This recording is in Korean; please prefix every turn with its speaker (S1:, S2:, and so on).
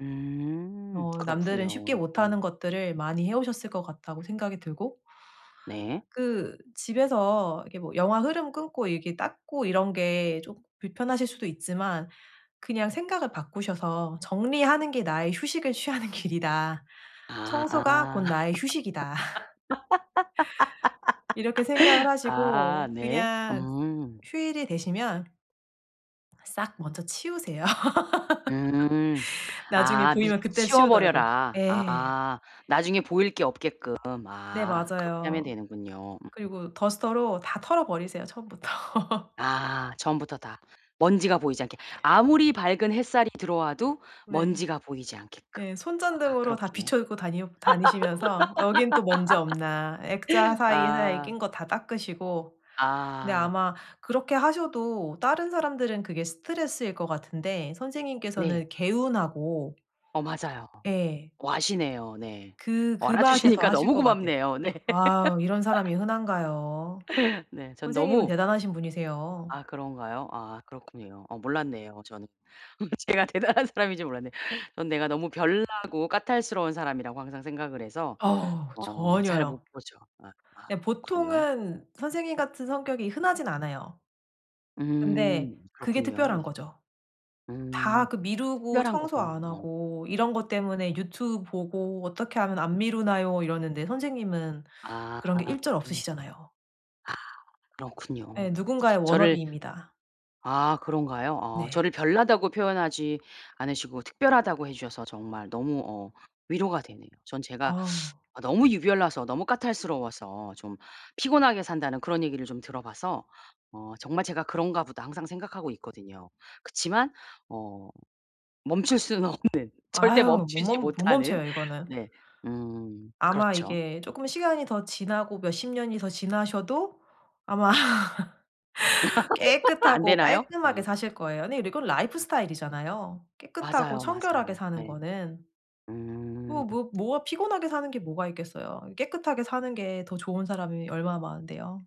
S1: 음
S2: 어 남들은 쉽게
S1: 그렇군요. 음.
S2: 못하는 것들을 많이 해오셨을 것 같다고 생각이 들고.
S1: 네.
S2: 그 집에서 이렇게 뭐 영화 흐름 끊고 이렇게 닦고 이런 게 쪼금 불편하실 수도 있지만 그냥 생각을 바꾸셔서 정리하는 게 나의 휴식을 취하는 길이다.
S1: 아.
S2: 청소가 곧 나의 휴식이다. 이렇게 생각을
S1: 아
S2: 하시고
S1: 네
S2: 그냥
S1: 음.
S2: 휴일이 되시면 싹 먼저 치우세요.
S1: 음
S2: 나중에
S1: 아 미리
S2: 보이면 그때 치우더라도.
S1: 치워버려라.
S2: 예.
S1: 아 나중에 보일 게 없게끔
S2: 네
S1: 아 그렇게 하면
S2: 맞아요.
S1: 되는군요. 음.
S2: 그리고 더스터로 다 털어버리세요 처음부터.
S1: 아 처음부터 다 먼지가 보이지 않게 아무리 밝은 햇살이 들어와도
S2: 네.
S1: 먼지가 보이지 않게끔.
S2: 예
S1: 아
S2: 손전등으로 다
S1: 그렇게.
S2: 비춰 입고 다녀 다니시면서 여긴 또 먼지 없나 액자 사이에 사이에
S1: 아.
S2: 낀 거 다 닦으시고 근데
S1: 아.
S2: 아마 그렇게 하셔도 다른 사람들은 그게 스트레스일 것 같은데
S1: 네.
S2: 선생님께서는 개운하고
S1: 어 맞아요.
S2: 예.
S1: 어 아시네요. 네.
S2: 그
S1: 어
S2: 그
S1: 알아
S2: 맛에 더
S1: 주시니까
S2: 하실
S1: 너무
S2: 것 같아요.
S1: 고맙네요. 네.
S2: 아우 이런 사람이 흔한가요?
S1: 네 전
S2: 선생님은
S1: 너무
S2: 대단하신 분이세요.
S1: 아 그런가요? 아 그렇군요. 어 몰랐네요 저는. 뭐 제가 대단한 사람인 줄 몰랐네. 전 내가 너무 별나고 까탈스러운 사람이라고 항상 생각을 해서
S2: 어우
S1: 어 잘 못
S2: 전혀요.
S1: 보죠. 아 아
S2: 그냥
S1: 그렇군요.
S2: 보통은 선생님같은 성격이 흔하진 않아요. 근데
S1: 음
S2: 그게
S1: 그렇군요 네.
S2: 특별한거죠. 다
S1: 음
S2: 그 미루고
S1: 특별한
S2: 청소
S1: 거군요
S2: 안
S1: 어.
S2: 하고 이런 것 때문에 유튜브 보고 어떻게 하면 안 미루나요 이러는데 선생님은
S1: 아.
S2: 그런 게 일절 없으시잖아요.
S1: 아 그렇군요.
S2: 예 누군가의
S1: 저를
S2: 워너비입니다.
S1: 아 그런가요? 어
S2: 네.
S1: 저를 별나다고 표현하지 않으시고 특별하다고 해주셔서 정말 너무 어 위로가 되네요. 전 제가
S2: 아.
S1: 어 너무 유별나서 너무 까탈스러워서 좀 피곤하게 산다는 그런 얘기를 좀 들어봐서 어 정말 제가 그런가 보다 항상 생각하고 있거든요. 그치만 어 멈출 수는 없는 절대
S2: 아유 못
S1: 멈추지
S2: 멈 못
S1: 못하는
S2: 멈춰요 이거는.
S1: 네. 음
S2: 아마
S1: 그렇죠.
S2: 이게 쪼끔 시간이 더 지나고 몇 십년이 더 지나셔도 아마
S1: 안
S2: 깨끗하고
S1: 되나요?
S2: 깔끔하게
S1: 아.
S2: 사실 거예요. 네 이건
S1: 아.
S2: 라이프스타일이잖아요. 깨끗하고
S1: 맞아요,
S2: 청결하게
S1: 맞아요.
S2: 사는
S1: 네.
S2: 거는.
S1: 음.
S2: 뭐 뭐 뭐가 피곤하게 사는 게 뭐가 있겠어요. 깨끗하게 사는 게 더 좋은 사람이 얼마나 많은데요.